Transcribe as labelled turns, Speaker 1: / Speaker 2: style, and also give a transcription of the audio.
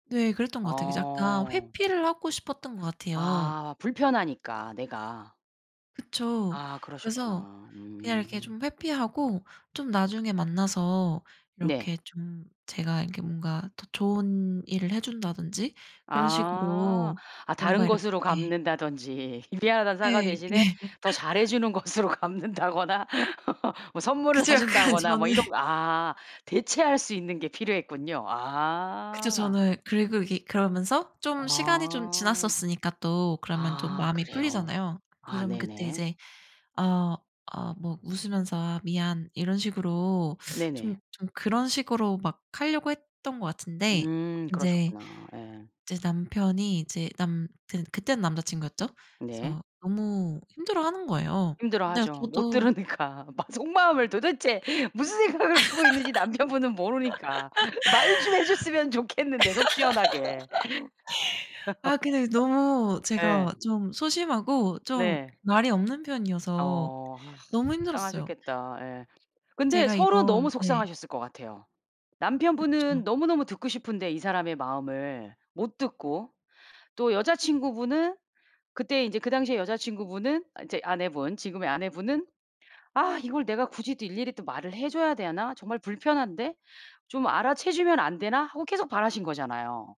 Speaker 1: 네. 그랬던 것 같아요. 그래서 약간
Speaker 2: 아.
Speaker 1: 회피를 하고 싶었던 것 같아요.
Speaker 2: 아 불편하니까 내가.
Speaker 1: 그쵸.
Speaker 2: 아
Speaker 1: 그래서
Speaker 2: 그러셨구나.
Speaker 1: 그냥 이렇게
Speaker 2: 음.
Speaker 1: 좀 회피하고 좀 나중에 만나서
Speaker 2: 네.
Speaker 1: 이렇게 좀 제가 이렇게 뭔가 더 좋은 일을 해준다든지 그런
Speaker 2: 아.
Speaker 1: 식으로
Speaker 2: 아
Speaker 1: 뭔가
Speaker 2: 다른 것으로
Speaker 1: 이렇게
Speaker 2: 갚는다든지 미안하다는 사과
Speaker 1: 네.
Speaker 2: 대신에
Speaker 1: 네.
Speaker 2: 더 잘해주는 것으로 갚는다거나 뭐 선물을
Speaker 1: 그쵸. 약간
Speaker 2: 사준다거나
Speaker 1: 저는
Speaker 2: 뭐 이런 거. 아 대체할 수 있는 게 필요했군요.
Speaker 1: 그쵸.
Speaker 2: 아.
Speaker 1: 저는 그리고 이게 그러면서 좀 시간이 좀
Speaker 2: 아.
Speaker 1: 지났었으니까 또 그러면 좀
Speaker 2: 아
Speaker 1: 마음이
Speaker 2: 그래요.
Speaker 1: 풀리잖아요.
Speaker 2: 아
Speaker 1: 그럼 그때
Speaker 2: 네네.
Speaker 1: 이제 아 아 뭐 웃으면서 "아 미안." 이런 식으로 좀
Speaker 2: 네네.
Speaker 1: 좀 그런 식으로 막 하려고 했던 것 같은데
Speaker 2: 음
Speaker 1: 인제
Speaker 2: 그러셨구나. 예.
Speaker 1: 인제 남편이 이제 남 그 그때는 남자 친구였죠.
Speaker 2: 네.
Speaker 1: 그래서 너무 힘들어하는 거예요. 근데
Speaker 2: 힘들어하죠. 못
Speaker 1: 저도
Speaker 2: 들으니까. 막 속마음을 도대체 무슨 생각을 하고 있는지 남편분은 모르니까. 말 좀 해줬으면 좋겠는데 속 시원하게.
Speaker 1: 아 근데 그 너무
Speaker 2: 예.
Speaker 1: 제가 좀 소심하고 좀
Speaker 2: 네.
Speaker 1: 말이 없는 편이어서
Speaker 2: 어. 아.
Speaker 1: 너무 힘들었어요.
Speaker 2: 속상하셨겠다. 예. 근데
Speaker 1: 제가
Speaker 2: 서로
Speaker 1: 이런
Speaker 2: 너무
Speaker 1: 네.
Speaker 2: 속상하셨을 것 같아요.
Speaker 1: 그쵸.
Speaker 2: 남편분은 너무너무 듣고 싶은데 이 사람의 마음을 못 듣고. 또 여자 친구분은 그때 이제 그 당시에 여자 친구분은 이제 아내분 지금의 아내분은 '아 이걸 내가 굳이 또 일일이 또 말을 해 줘야 되나? 정말 불편한데. 좀 알아채 주면 안 되나?' 하고 계속 바라신 거잖아요.